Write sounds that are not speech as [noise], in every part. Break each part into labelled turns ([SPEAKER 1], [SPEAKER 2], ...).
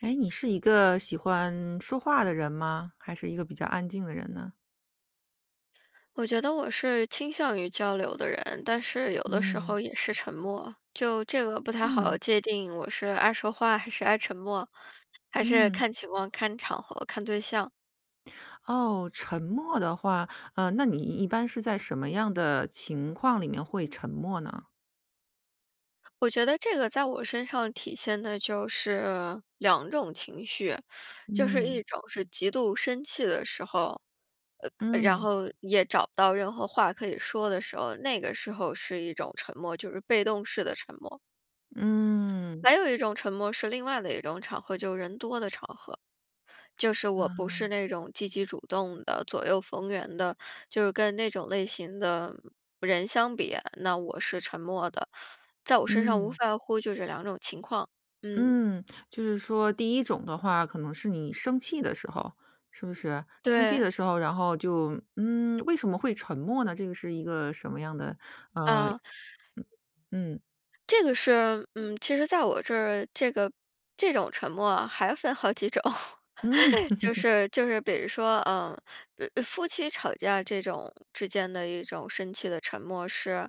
[SPEAKER 1] 诶，你是一个喜欢说话的人吗？还是一个比较安静的人呢？
[SPEAKER 2] 我觉得我是倾向于交流的人，但是有的时
[SPEAKER 1] 嗯。
[SPEAKER 2] 候也是沉默。就这个不太好
[SPEAKER 1] 嗯。
[SPEAKER 2] 界定我是爱说话还是爱沉默，还是
[SPEAKER 1] 嗯。
[SPEAKER 2] 看情况、看场合、看对象。
[SPEAKER 1] 哦，沉默的话，呃，那你一一般是在什么样的情况里面会沉默呢？
[SPEAKER 2] 我觉得这个在我身上体现的就是两种情绪，就是一
[SPEAKER 1] 嗯。
[SPEAKER 2] 种是极度生气的时候，呃然
[SPEAKER 1] 嗯。
[SPEAKER 2] 后也找不到任何话可以说的时候。那个时候是一种沉默，就是被动式的沉默。
[SPEAKER 1] 嗯。
[SPEAKER 2] 还有一种沉默是另外的一种场合，就人多的场合。就是我不
[SPEAKER 1] 啊。
[SPEAKER 2] 是那种积极主动的、左右逢源的，就是跟那种类型的，嗯，人相比，那我是沉默的。在我身上无
[SPEAKER 1] 嗯。
[SPEAKER 2] 外乎就这2种情况。嗯。
[SPEAKER 1] 嗯。就是说第一种的话，可能是你生气的时候，是不是？生气
[SPEAKER 2] 对。
[SPEAKER 1] 的时候，然后就嗯，为什么会沉默呢？这个是一个什么样的，呃
[SPEAKER 2] 啊。
[SPEAKER 1] 嗯。嗯。
[SPEAKER 2] 这个是嗯，其实在我这儿，这个这种沉默还分好几种。
[SPEAKER 1] 嗯。
[SPEAKER 2] [laughs] 就
[SPEAKER 1] [laughs]
[SPEAKER 2] 是就是比如说，嗯，呃夫妻吵架这种之间的一种生气的沉默是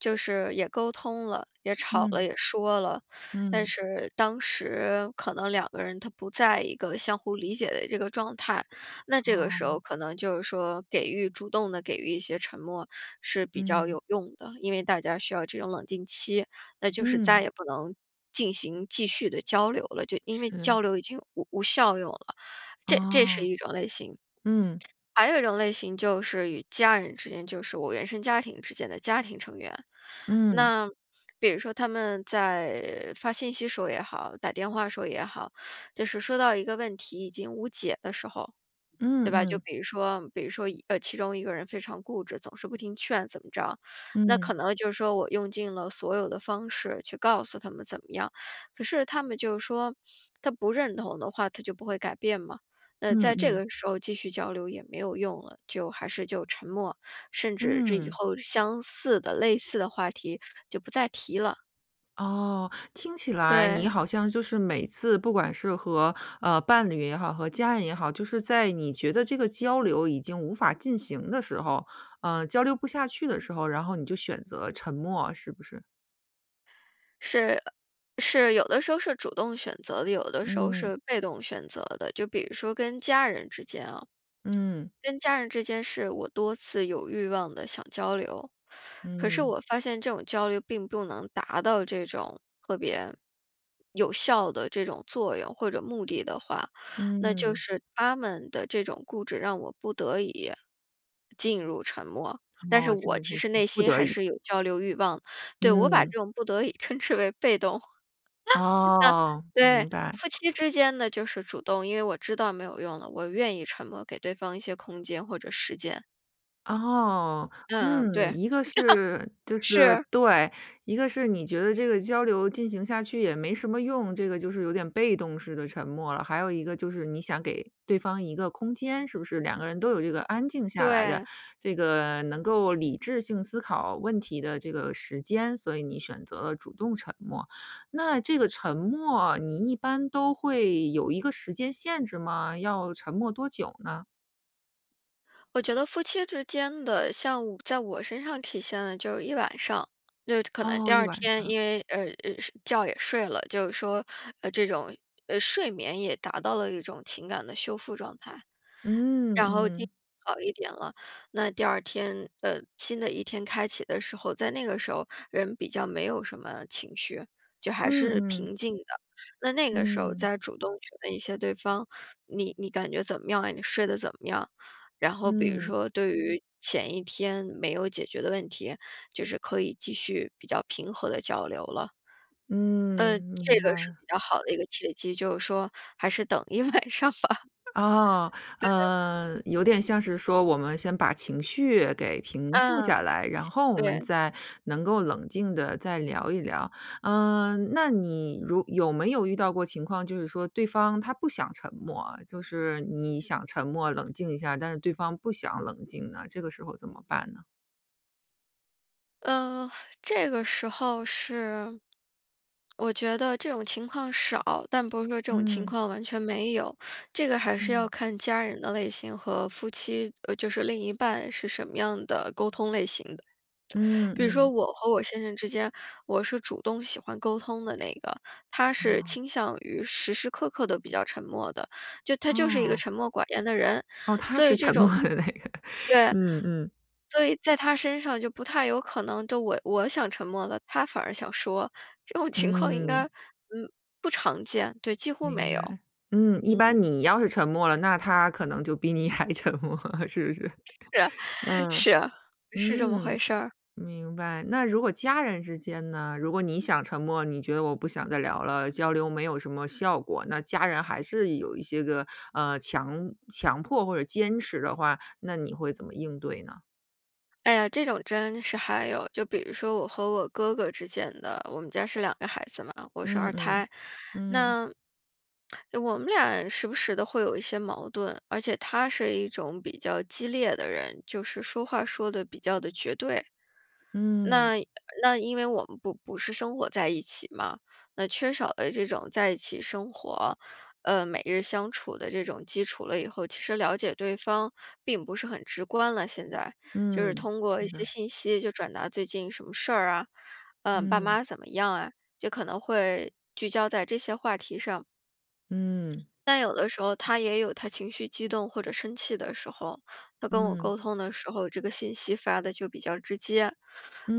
[SPEAKER 2] 就是也沟通了，也吵了，
[SPEAKER 1] 嗯。
[SPEAKER 2] 也说了，但
[SPEAKER 1] 嗯。
[SPEAKER 2] 是当时可能两个人他不在一个相互理解的这个状态。那这个时候
[SPEAKER 1] 哦。
[SPEAKER 2] 可能就是说，给予主动地给予一些沉默是比较
[SPEAKER 1] 嗯。
[SPEAKER 2] 有用的。因为大家需要这种冷静期，那就是再
[SPEAKER 1] 嗯。
[SPEAKER 2] 也不能进行继续的交流了，就因为
[SPEAKER 1] 是。
[SPEAKER 2] 交流已经无无效用了，这这是
[SPEAKER 1] 哦。
[SPEAKER 2] 一种类型。
[SPEAKER 1] 嗯。
[SPEAKER 2] 还有一种类型就是与家人之间，就是我原生家庭之间的家庭成员。
[SPEAKER 1] 嗯。
[SPEAKER 2] 那，比如说他们在发信息时候也好、打电话时候也好，就是说到一个问题已经无解的时候，
[SPEAKER 1] 嗯
[SPEAKER 2] 对吧？就
[SPEAKER 1] 嗯。
[SPEAKER 2] 比如说比如说一呃，其中一个人非常固执，总是不听劝怎么着。那可
[SPEAKER 1] 嗯。
[SPEAKER 2] 能就说我用尽了所有的方式去告诉他们怎么样，可是他们就是说，他不认同的话，他就不会改变嘛。那
[SPEAKER 1] 嗯
[SPEAKER 2] 在这
[SPEAKER 1] 嗯。
[SPEAKER 2] 个时候继续交流也没有用了，就还是就沉默。甚至这以
[SPEAKER 1] 嗯。
[SPEAKER 2] 后相似的、类似的话题，就不再提了。
[SPEAKER 1] 哦。听起来你
[SPEAKER 2] 对。
[SPEAKER 1] 好像就是每次不管是和，呃，伴侣也好、和家人也好，就是在你觉得这个交流已经无法进行的时候，呃，交流不下去的时候，然后你就选择沉默，是不是？
[SPEAKER 2] 是，呃，是有的时候是主动选择的，有的时候
[SPEAKER 1] 嗯。
[SPEAKER 2] 是被动选择的。就比如说跟家人之间啊，
[SPEAKER 1] 嗯。
[SPEAKER 2] 跟家人之间是我多次有欲望地想交流。可是
[SPEAKER 1] 嗯。
[SPEAKER 2] 我发现这种交流并不能达到这种特别有效的这种作用或者目的的话，那就
[SPEAKER 1] 嗯。
[SPEAKER 2] 是他们的这种固执，让我不得已，进入沉默。但是
[SPEAKER 1] 哦，这
[SPEAKER 2] 我
[SPEAKER 1] 个
[SPEAKER 2] 其
[SPEAKER 1] 就是
[SPEAKER 2] 实内
[SPEAKER 1] 不
[SPEAKER 2] 心
[SPEAKER 1] 得
[SPEAKER 2] 还
[SPEAKER 1] 已。
[SPEAKER 2] 是有交流欲望对，我把
[SPEAKER 1] 嗯。
[SPEAKER 2] 这种不得已称之为被动。[laughs]
[SPEAKER 1] 哦，
[SPEAKER 2] 对，
[SPEAKER 1] 明白。
[SPEAKER 2] 夫妻之间的就是主动，因为我知道没有用了，我愿意沉默，给对方一些空间或者时间。
[SPEAKER 1] 哦。
[SPEAKER 2] 嗯，
[SPEAKER 1] 嗯，
[SPEAKER 2] 对。[laughs]
[SPEAKER 1] 一个是就是
[SPEAKER 2] 是。
[SPEAKER 1] 对。一个是你觉得这个交流进行下去也没什么用，这个就是有点被动式的沉默了。还有一个就是你想给对方一个空间，是不是两个人都有这个安静下来的，
[SPEAKER 2] 对。
[SPEAKER 1] 这个能够理智性思考问题的这个时间，所以你选择了主动沉默。那这个沉默，你一般都会有一个时间限制吗？要沉默多久呢？
[SPEAKER 2] 我觉得夫妻之间的，像我在我身上体现了就是一晚上，对，可能第
[SPEAKER 1] 哦，一
[SPEAKER 2] 2
[SPEAKER 1] 晚
[SPEAKER 2] 天，
[SPEAKER 1] 上。
[SPEAKER 2] 因为呃呃睡觉也睡了，就是说，呃，这种，呃，睡眠也达到了一种情感的修复状态。
[SPEAKER 1] 嗯，
[SPEAKER 2] 然后精
[SPEAKER 1] 嗯。
[SPEAKER 2] 神好一点了，那第2天呃，新的一天开启的时候，在那个时候人比较没有什么情绪，就还
[SPEAKER 1] 嗯
[SPEAKER 2] 是
[SPEAKER 1] 嗯。
[SPEAKER 2] 平静的。那那个时候
[SPEAKER 1] 嗯。
[SPEAKER 2] 再主动去问一下对方，你你感觉怎么样啊？你睡得怎么样？然后比如
[SPEAKER 1] 嗯。
[SPEAKER 2] 说，对于前1天没有解决的问题，就是可以继续比较平和的交流了。
[SPEAKER 1] 嗯，
[SPEAKER 2] 嗯这
[SPEAKER 1] 明白
[SPEAKER 2] 个是
[SPEAKER 1] 了。
[SPEAKER 2] 比较好的一个契机，就是说还是等一晚上吧。
[SPEAKER 1] 哦。
[SPEAKER 2] 对。
[SPEAKER 1] 嗯，有点像是说我们先把情绪给平复下
[SPEAKER 2] 嗯，
[SPEAKER 1] 来，然后我们
[SPEAKER 2] 对。
[SPEAKER 1] 再能够冷静的再聊一聊。嗯，那你如有没有遇到过情况，就是说对方他不想沉默啊，就是你想沉默，冷静一下，但是对方不想冷静呢？这个时候怎么办呢？
[SPEAKER 2] 呃，这个时候是我觉得这种情况少，但不是说这种情
[SPEAKER 1] 嗯。
[SPEAKER 2] 况完全没有。这个还是要
[SPEAKER 1] 嗯。
[SPEAKER 2] 看家人的类型和夫妻呃，就是另一半是什么样的沟通类型的。
[SPEAKER 1] 嗯，
[SPEAKER 2] 比如说
[SPEAKER 1] 嗯。
[SPEAKER 2] 我和我先生之间，我是主动喜欢沟通的那个，他是
[SPEAKER 1] 哦。
[SPEAKER 2] 倾向于时时刻刻都比较沉默的，就他就是一个
[SPEAKER 1] 啊。
[SPEAKER 2] 沉默寡言的人。
[SPEAKER 1] 哦，他
[SPEAKER 2] 所
[SPEAKER 1] 是
[SPEAKER 2] 以这
[SPEAKER 1] 沉默
[SPEAKER 2] 种
[SPEAKER 1] 的那个，
[SPEAKER 2] 对，
[SPEAKER 1] 嗯嗯。
[SPEAKER 2] 所以在他身上就不太有可能都我我想沉默了，他反而想说。这种情况应该，
[SPEAKER 1] 嗯。
[SPEAKER 2] 嗯，不常见，对，几乎
[SPEAKER 1] 明
[SPEAKER 2] 没有。
[SPEAKER 1] 白，嗯。一般
[SPEAKER 2] 嗯。
[SPEAKER 1] 你要是沉默了，那他可能就比你还沉默了，是不是？
[SPEAKER 2] 是啊，
[SPEAKER 1] [laughs] 嗯，
[SPEAKER 2] 是啊，是这么回
[SPEAKER 1] 嗯，
[SPEAKER 2] 事儿。
[SPEAKER 1] 明白。那如果家人之间呢？如果你想沉默，你觉得我不想再聊了，交流没有什么效果，那家人还是有一些个，呃，强强迫或者坚持的话，那你会怎么应对呢？
[SPEAKER 2] 哎呀，这种真是还有，就比如说我和我哥哥之间的。我们家是2个孩子嘛，我是
[SPEAKER 1] 嗯
[SPEAKER 2] 2
[SPEAKER 1] 嗯，
[SPEAKER 2] 胎，
[SPEAKER 1] 嗯。
[SPEAKER 2] 那我们俩儿时不时的会有一些矛盾，而且他是一种比较激烈的人，就是说话说得比较地绝对。
[SPEAKER 1] 嗯。
[SPEAKER 2] 那那因为我们不不是生活在一起嘛，那缺少了这种在一起生活，呃，每日相处的这种基础了以后，其实了解对方并不是很直观了现在。就是
[SPEAKER 1] 嗯，
[SPEAKER 2] 通过一
[SPEAKER 1] 是
[SPEAKER 2] 些
[SPEAKER 1] 的。
[SPEAKER 2] 信息，就转达最近什么事儿啊，呃，爸
[SPEAKER 1] 嗯。
[SPEAKER 2] 妈怎么样啊，就可能会聚焦在这些话题上。
[SPEAKER 1] 嗯。
[SPEAKER 2] 但有的时候，他也有他情绪激动或者生气的时候，他跟我
[SPEAKER 1] 嗯。
[SPEAKER 2] 沟通的时候，这个信息发得就比较直接。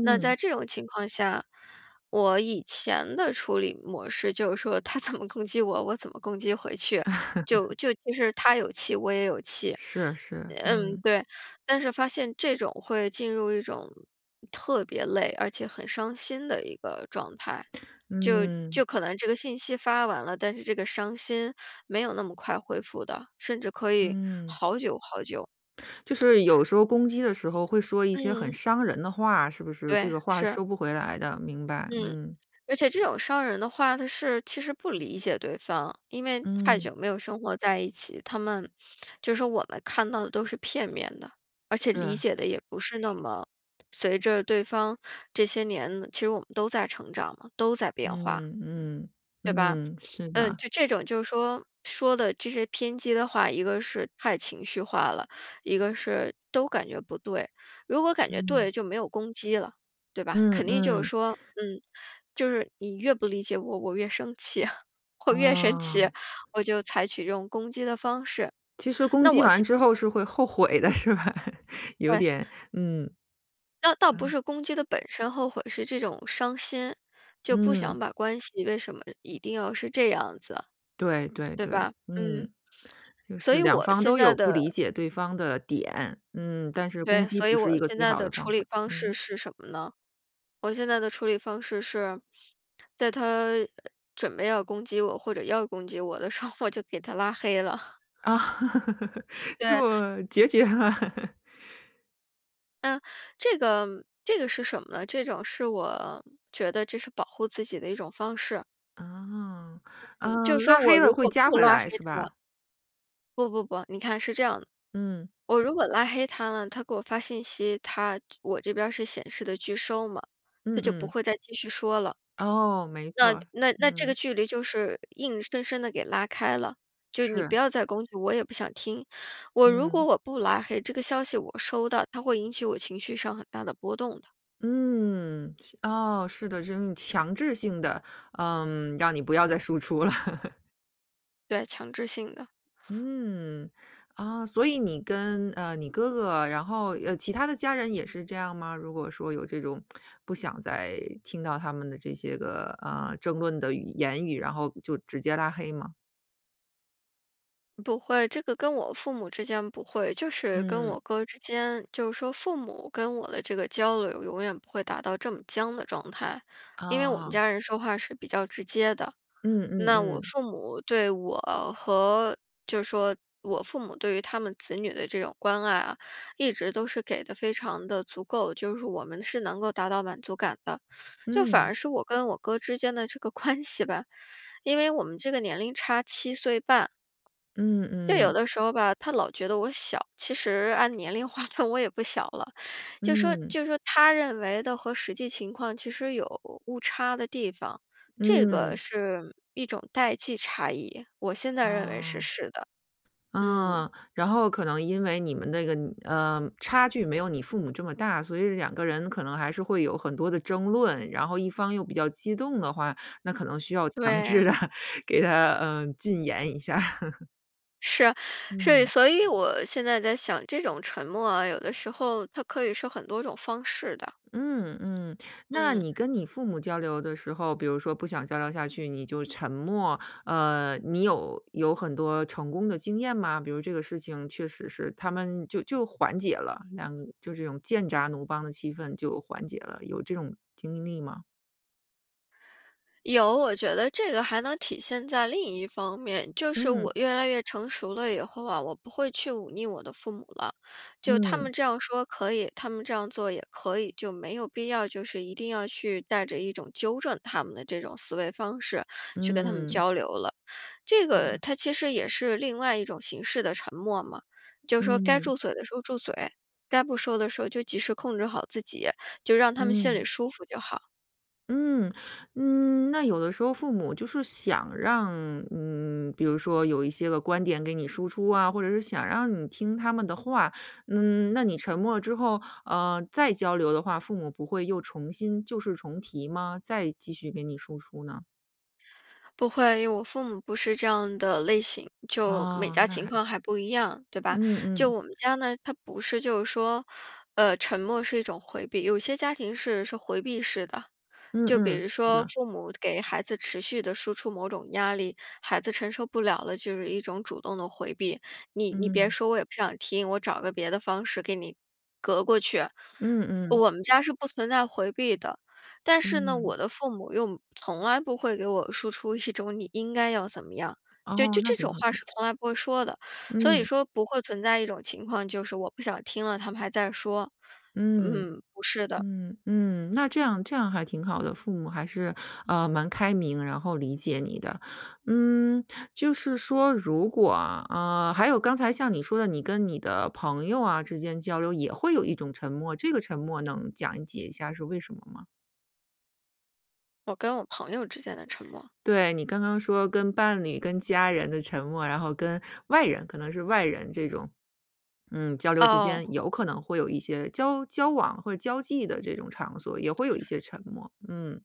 [SPEAKER 2] 那在这种情况下，我以前的处理模式就是说他怎么攻击我，我怎么攻击回去。就
[SPEAKER 1] [laughs]
[SPEAKER 2] 就其实他有气我也有气，
[SPEAKER 1] 是，是，
[SPEAKER 2] 嗯，
[SPEAKER 1] 嗯。
[SPEAKER 2] 对。但是发现这种会进入一种特别累，而且很伤心的一个状态。就就
[SPEAKER 1] 嗯。
[SPEAKER 2] 可能这个信息发完了，但是这个伤心没有那么快恢复的，甚至可以
[SPEAKER 1] 嗯。
[SPEAKER 2] 好久好久。
[SPEAKER 1] 就是有时候攻击的时候会说一些很
[SPEAKER 2] 嗯。
[SPEAKER 1] 伤人的话，是不是？这
[SPEAKER 2] 对，
[SPEAKER 1] 个话
[SPEAKER 2] 是。
[SPEAKER 1] 收不回来的，明白，
[SPEAKER 2] 嗯，
[SPEAKER 1] 嗯。
[SPEAKER 2] 而且这种伤人的话，它是其实不理解对方，因为太
[SPEAKER 1] 嗯。
[SPEAKER 2] 久没有生活在一起，他们就说我们看到的都是片面的。而且理
[SPEAKER 1] 是。
[SPEAKER 2] 解的也不是那么随着对方这些年，其实我们都在成长嘛，都在变化，
[SPEAKER 1] 嗯嗯
[SPEAKER 2] 对吧？
[SPEAKER 1] 嗯，嗯，是
[SPEAKER 2] 嗯，
[SPEAKER 1] 的。
[SPEAKER 2] 就这种就是说，说的这些偏激的话，一个是太情绪化了，一个是都感觉不对。如果感觉
[SPEAKER 1] 嗯。
[SPEAKER 2] 对，就没有攻击了，对吧？
[SPEAKER 1] 嗯
[SPEAKER 2] 肯定就是
[SPEAKER 1] 嗯。
[SPEAKER 2] 说，嗯，就是你越不理解我，我越生气。我越生气，
[SPEAKER 1] 啊。
[SPEAKER 2] 我就采取这种攻击的方式，
[SPEAKER 1] 其实攻
[SPEAKER 2] 那
[SPEAKER 1] 击
[SPEAKER 2] 我
[SPEAKER 1] 完
[SPEAKER 2] 现
[SPEAKER 1] 之后是会后悔的，是吧？有
[SPEAKER 2] 对。
[SPEAKER 1] 点，嗯，
[SPEAKER 2] 倒倒不
[SPEAKER 1] 嗯。
[SPEAKER 2] 是攻击的本身后悔，是这种伤心，就不想
[SPEAKER 1] 嗯。
[SPEAKER 2] 把关系为什么一定要是这样子啊，
[SPEAKER 1] 对对
[SPEAKER 2] 对
[SPEAKER 1] 对。
[SPEAKER 2] 吧？嗯，
[SPEAKER 1] 嗯，就
[SPEAKER 2] 所
[SPEAKER 1] 是
[SPEAKER 2] 以
[SPEAKER 1] 两
[SPEAKER 2] 我
[SPEAKER 1] 方
[SPEAKER 2] 现
[SPEAKER 1] 都
[SPEAKER 2] 在
[SPEAKER 1] 有不
[SPEAKER 2] 的
[SPEAKER 1] 理解对方的点。嗯，但是攻
[SPEAKER 2] 对，
[SPEAKER 1] 击
[SPEAKER 2] 所以
[SPEAKER 1] 不
[SPEAKER 2] 我
[SPEAKER 1] 是一个
[SPEAKER 2] 现
[SPEAKER 1] 最
[SPEAKER 2] 在
[SPEAKER 1] 好
[SPEAKER 2] 的
[SPEAKER 1] 的
[SPEAKER 2] 处
[SPEAKER 1] 方
[SPEAKER 2] 理
[SPEAKER 1] 法，
[SPEAKER 2] 方式
[SPEAKER 1] 嗯。
[SPEAKER 2] 是什么呢？我现在的处理方式是，在他准备要攻击我，或者要攻击我的时候我就给他拉黑了。
[SPEAKER 1] 啊，
[SPEAKER 2] 对。
[SPEAKER 1] 做决绝了。
[SPEAKER 2] 嗯，这个这个是什么呢？这种是我觉得这是保护自己的一种方式。
[SPEAKER 1] 哦。
[SPEAKER 2] 嗯。
[SPEAKER 1] 呃，
[SPEAKER 2] 就说
[SPEAKER 1] 拉黑
[SPEAKER 2] 我
[SPEAKER 1] 了
[SPEAKER 2] 如
[SPEAKER 1] 会
[SPEAKER 2] 果
[SPEAKER 1] 加
[SPEAKER 2] 不
[SPEAKER 1] 回
[SPEAKER 2] 拉黑
[SPEAKER 1] 来是
[SPEAKER 2] 他
[SPEAKER 1] 吧？
[SPEAKER 2] 不不不，你看是这样的，
[SPEAKER 1] 嗯。
[SPEAKER 2] 我如果拉黑他了，他给我发信息，他我这边是显示的拒收嘛，他
[SPEAKER 1] 嗯
[SPEAKER 2] 就不
[SPEAKER 1] 嗯。
[SPEAKER 2] 会再继续说了。
[SPEAKER 1] 哦，没
[SPEAKER 2] 那
[SPEAKER 1] 错儿，
[SPEAKER 2] 那那这个
[SPEAKER 1] 嗯。
[SPEAKER 2] 距离就是硬生生地给拉开了，就你不
[SPEAKER 1] 是。
[SPEAKER 2] 要再攻击，我也不想听。我如果
[SPEAKER 1] 嗯。
[SPEAKER 2] 我不拉黑，这个消息我收到，它会引起我情绪上很大的波动的。
[SPEAKER 1] 嗯，哦，是的，这种强制性的，嗯，让你不要再输出了。[laughs]
[SPEAKER 2] 对，强制性的。
[SPEAKER 1] 嗯。啊，所以你跟，呃，你哥哥，然后呃，其他的家人也是这样吗？如果说有这种 [smacks lips] 不想再听到他们的这些个，呃，争论的语言语，然后就直接拉黑吗？
[SPEAKER 2] 不会，这个跟我父母之间不会。就是跟
[SPEAKER 1] 嗯。
[SPEAKER 2] 我哥之间，就说父母跟我的这个交流永远不会达到这么僵的状态。因为我们
[SPEAKER 1] 啊。
[SPEAKER 2] 家人说话是比较直接的，
[SPEAKER 1] 嗯嗯
[SPEAKER 2] 那我
[SPEAKER 1] 嗯。
[SPEAKER 2] 父母对我和就说我父母对于他们子女的这种关爱啊，一直都是给得非常地足够，就是我们是能够达到满足感的。[sucks teeth] 就反而
[SPEAKER 1] 嗯。
[SPEAKER 2] 是我跟我哥之间的这个关系吧，因为我们这个年龄差7岁半。
[SPEAKER 1] 嗯
[SPEAKER 2] 就有
[SPEAKER 1] 嗯。
[SPEAKER 2] 的时候吧，他老觉得我小，其实按年龄划分，我也不小了，[sucks teeth] 就说
[SPEAKER 1] 嗯。
[SPEAKER 2] 就说他认为的和实际情况其实有误差的地方。这个
[SPEAKER 1] 嗯。
[SPEAKER 2] 是一种代际差异，我现在认为是
[SPEAKER 1] 哦。
[SPEAKER 2] 是的。嗯。
[SPEAKER 1] 嗯，然后可能因为你们的一个，嗯呃，差距没有你父母这么大，所以两个人可能还是会有很多的争论，然后一方又比较激动的话，那可能需要强制
[SPEAKER 2] 对。
[SPEAKER 1] 地给他，嗯，禁言一下。[chuckles]
[SPEAKER 2] 是，是，
[SPEAKER 1] 嗯。
[SPEAKER 2] 所以我现在在想：“这种沉默啊，有的时候它可以是很多种方式的。”
[SPEAKER 1] 嗯嗯。那
[SPEAKER 2] 嗯。
[SPEAKER 1] 你跟你父母交流的时候，比如说不想交流下去，你就沉默，呃，你有有很多成功的经验吗？比如这个事情确实是他们就就缓解了，那就这种剑拔弩张的气氛就缓解了，有这种经历吗？
[SPEAKER 2] 有，我觉得这个还能体现在另一方面，就是
[SPEAKER 1] 嗯。
[SPEAKER 2] 我越来越成熟了以后啊，我不会去忤逆我的父母了。就他
[SPEAKER 1] 嗯。
[SPEAKER 2] 们这样说可以、他们这样做也可以，就没有必要就是一定要去带着一种纠正他们的这种思维方式去跟他们
[SPEAKER 1] 嗯。
[SPEAKER 2] 交流了。这个
[SPEAKER 1] 嗯。
[SPEAKER 2] 它其实也是另外一种形式的沉默嘛，就说该
[SPEAKER 1] 嗯。
[SPEAKER 2] 住嘴的时候住嘴，该不说的时候就及时控制好自己，就让他们心里
[SPEAKER 1] 嗯。
[SPEAKER 2] 舒服就好。
[SPEAKER 1] 嗯。嗯，那有的时候父母就是想让，嗯，比如说有一些个观点给你输出啊，或者是想让你听他们的话。嗯，那你沉默之后，呃，再交流的话，父母不会又重新旧事重提吗？再继续给你输出呢？
[SPEAKER 2] 不会，因为我父母不是这样的类型，就每
[SPEAKER 1] 哦，
[SPEAKER 2] 家
[SPEAKER 1] 那
[SPEAKER 2] 情
[SPEAKER 1] 还
[SPEAKER 2] 况还不一样，对吧？
[SPEAKER 1] 嗯
[SPEAKER 2] 就
[SPEAKER 1] 嗯。
[SPEAKER 2] 我们家呢，它不是就是说，呃，沉默是一种回避。有些家庭是是回避式的，
[SPEAKER 1] 嗯
[SPEAKER 2] 就比
[SPEAKER 1] 嗯。
[SPEAKER 2] 如
[SPEAKER 1] 是
[SPEAKER 2] 说
[SPEAKER 1] 的。
[SPEAKER 2] 父母给孩子持续地输出某种压力，孩子承受不了了，就是一种主动地回避。你你别
[SPEAKER 1] 嗯。
[SPEAKER 2] 说，我也不想听，我找个别的方式给你，隔过去。
[SPEAKER 1] 嗯嗯。
[SPEAKER 2] 我们家是不存在回避的，但是呢，
[SPEAKER 1] 嗯。
[SPEAKER 2] 我的父母又从来不会给我输出一种你应该要怎么样。就
[SPEAKER 1] 哦，
[SPEAKER 2] 这
[SPEAKER 1] 那
[SPEAKER 2] 这
[SPEAKER 1] 挺
[SPEAKER 2] 种
[SPEAKER 1] 好
[SPEAKER 2] 话，是
[SPEAKER 1] 的。
[SPEAKER 2] 从来不会说的。所以
[SPEAKER 1] 嗯。
[SPEAKER 2] 说不会存在一种情况，就是我不想听了，他们还在说。
[SPEAKER 1] 嗯。
[SPEAKER 2] 嗯，不是的。
[SPEAKER 1] 嗯嗯，那这样这样还挺好的。父母还是，呃，蛮开明，然后理解你的。嗯，就是说如果啊，啊还有刚才像你说的，你跟你的朋友啊之间交流，也会有一种沉默，这个沉默能讲解一下是为什么吗？
[SPEAKER 2] 我跟我朋友之间的沉默？
[SPEAKER 1] 对，你刚刚说跟伴侣、跟家人的沉默，然后跟外人，可能是外人这种。嗯，交流之
[SPEAKER 2] 哦。
[SPEAKER 1] 间有可能会有一些交交往或者交际的这种场所，也会有一些沉默，嗯。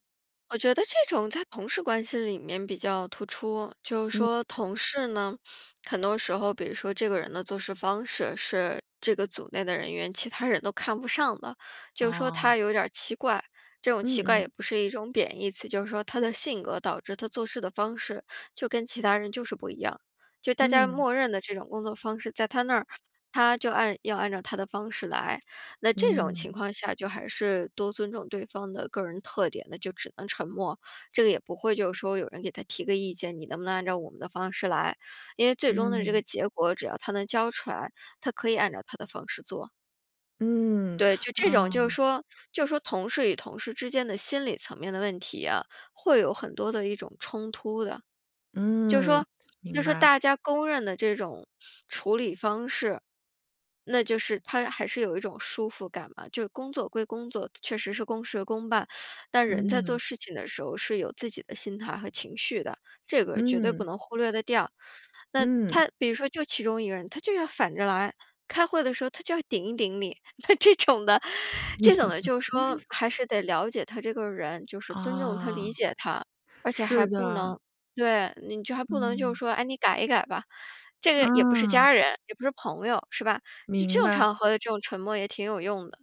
[SPEAKER 2] 我觉得这种在同事关系里面比较突出。就是
[SPEAKER 1] 嗯。
[SPEAKER 2] 说同事呢，很多时候，比如说这个人的做事方式，是这个组内的人员其他人都看不上的，就说
[SPEAKER 1] 哦。
[SPEAKER 2] 他有点儿奇怪。这种
[SPEAKER 1] 嗯
[SPEAKER 2] 奇怪
[SPEAKER 1] 嗯。
[SPEAKER 2] 也不是一种贬义词，就是说他的性格导致他做事的方式，就跟其他人就是不一样。就大家
[SPEAKER 1] 嗯。
[SPEAKER 2] 默认的这种工作方式，在他那儿，他就按要按照他的方式来。那这种情
[SPEAKER 1] 嗯。
[SPEAKER 2] 况下，就还是多尊重对方的个人特点，那就只能沉默。这个也不会就说有人给他提个意见，你能不能按照我们的方式来。因为最终的这
[SPEAKER 1] 嗯。
[SPEAKER 2] 个结果，只要他能交出来，他可以按照他的方式做。
[SPEAKER 1] 嗯，
[SPEAKER 2] 对，就这种就是
[SPEAKER 1] 啊。
[SPEAKER 2] 说就是说同事与同事之间的心理层面的问题啊，会有很多的一种冲突的。就是
[SPEAKER 1] 嗯，
[SPEAKER 2] 说就
[SPEAKER 1] 明
[SPEAKER 2] 说
[SPEAKER 1] 白。
[SPEAKER 2] 大家公认的这种处理方式，那就是它还是有一种舒服感嘛。就工作归工作，确实是公事公办，但人在做
[SPEAKER 1] 嗯。
[SPEAKER 2] 事情的时候是有自己的心态和情绪的，这个绝对不
[SPEAKER 1] 嗯。
[SPEAKER 2] 能忽略得掉。那
[SPEAKER 1] 嗯。
[SPEAKER 2] 他比如说就其中一个人，他就要反着来，开会的时候他就要顶一顶你，那这种的这种的就说
[SPEAKER 1] [laughs]
[SPEAKER 2] 还是得了解他这个人，就是尊重他、
[SPEAKER 1] 啊，
[SPEAKER 2] 理解他。而且还
[SPEAKER 1] 是
[SPEAKER 2] 不
[SPEAKER 1] 的。
[SPEAKER 2] 能对，你就还不能就是
[SPEAKER 1] 嗯。
[SPEAKER 2] 说：“哎，你改一改吧。”这个也不是
[SPEAKER 1] 嗯。
[SPEAKER 2] 家人，也不是朋友，是吧？就这
[SPEAKER 1] 明
[SPEAKER 2] 种
[SPEAKER 1] 白。
[SPEAKER 2] 场合的这种沉默也挺有用的。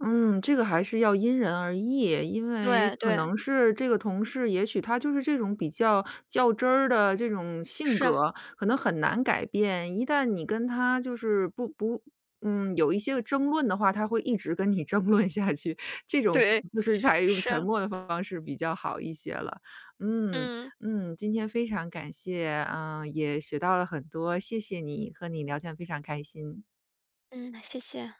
[SPEAKER 1] 嗯，这个还是要因人而异。因为
[SPEAKER 2] 对，
[SPEAKER 1] 可
[SPEAKER 2] 对。
[SPEAKER 1] 能是这个同事，也许他就是这种比较较真儿的这种性
[SPEAKER 2] 是。
[SPEAKER 1] 格，可能很难改变。一旦你跟他就是不不嗯，有一些个争论的话，他会一直跟你争论下去，这种
[SPEAKER 2] 对，
[SPEAKER 1] 就是采用沉
[SPEAKER 2] 是。
[SPEAKER 1] 默的方式比较好一些了。嗯，
[SPEAKER 2] 嗯。
[SPEAKER 1] 嗯，今天非常感谢，啊，也学到了很多，谢谢你，和你聊天非常开心。
[SPEAKER 2] 嗯，谢谢。